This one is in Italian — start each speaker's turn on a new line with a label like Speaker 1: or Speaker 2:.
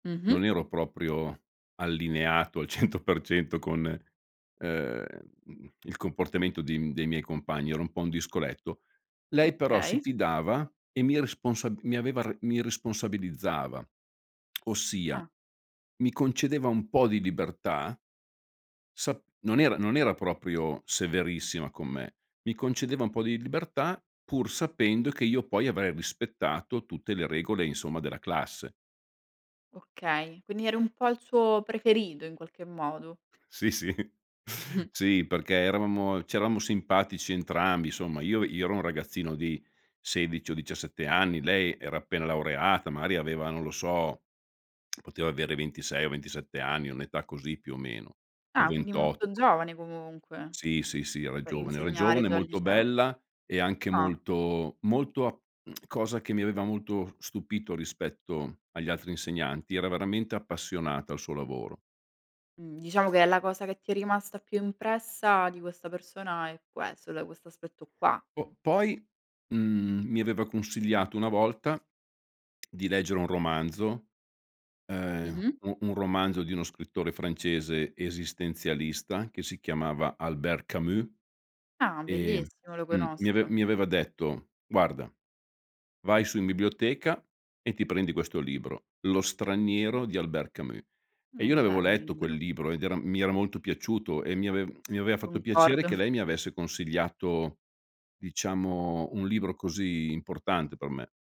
Speaker 1: Mh-mh.
Speaker 2: Non ero proprio allineato al 100% con, ehm, uhm, il comportamento dei m dei miei compagni, ero un po' un discoletto. Lei però si
Speaker 1: Okay.
Speaker 2: fidava, e mi responsab mi aveva re mi responsabilizzava, ossia
Speaker 1: Ah.
Speaker 2: mi concedeva un po' di libertà sap non era non era proprio severissima con me, mi concedeva un po' di libertà, pur sapendo che io poi avrei rispettato tutte le regole, insomma, della classe.
Speaker 1: Okay, quindi era un po' il suo preferito, in qualche modo.
Speaker 2: Sì, sì. Sì, perché eravamo c'eravamo simpatici entrambi insomma io io ero un ragazzino di 16 o 17 anni, lei era appena laureata, magari aveva, non lo so, poteva avere 26 o 27 anni, un'età così più o meno, o
Speaker 1: Ah, quindi molto
Speaker 2: 28.
Speaker 1: giovane, comunque.
Speaker 2: Sì, sì, sì, era
Speaker 1: Per
Speaker 2: giovane era
Speaker 1: insegnare
Speaker 2: giovane,
Speaker 1: già al
Speaker 2: molto
Speaker 1: liceo.
Speaker 2: bella, e anche
Speaker 1: Ah.
Speaker 2: molto molto ap cosa che mi aveva molto stupito rispetto agli altri insegnanti, era veramente appassionata al suo lavoro.
Speaker 1: Mhmm, diciamo che è la cosa che ti è rimasta più impressa di questa persona è questo, da questo aspetto qua.
Speaker 2: Po poi, mhmm, mi aveva consigliato una volta di leggere un romanzo, ehm,
Speaker 1: Mh-mh.
Speaker 2: un un romanzo di uno scrittore francese esistenzialista che si chiamava Albert Camus,
Speaker 1: Ah,
Speaker 2: e,
Speaker 1: bellissimo, lo
Speaker 2: mhmm, mh, mi ave
Speaker 1: conosco.
Speaker 2: mi aveva detto: "Guarda, vai su in biblioteca e ti prendi questo libro, lo straniero di Albert Camus".
Speaker 1: È
Speaker 2: E io
Speaker 1: un
Speaker 2: l'avevo
Speaker 1: bel
Speaker 2: letto quel
Speaker 1: libro.
Speaker 2: libro, ed era m mi era molto piaciuto e mi avev mi aveva fatto piacere che
Speaker 1: Concordo.
Speaker 2: lei mi avesse consigliato, diciamo, un libro così importante per me.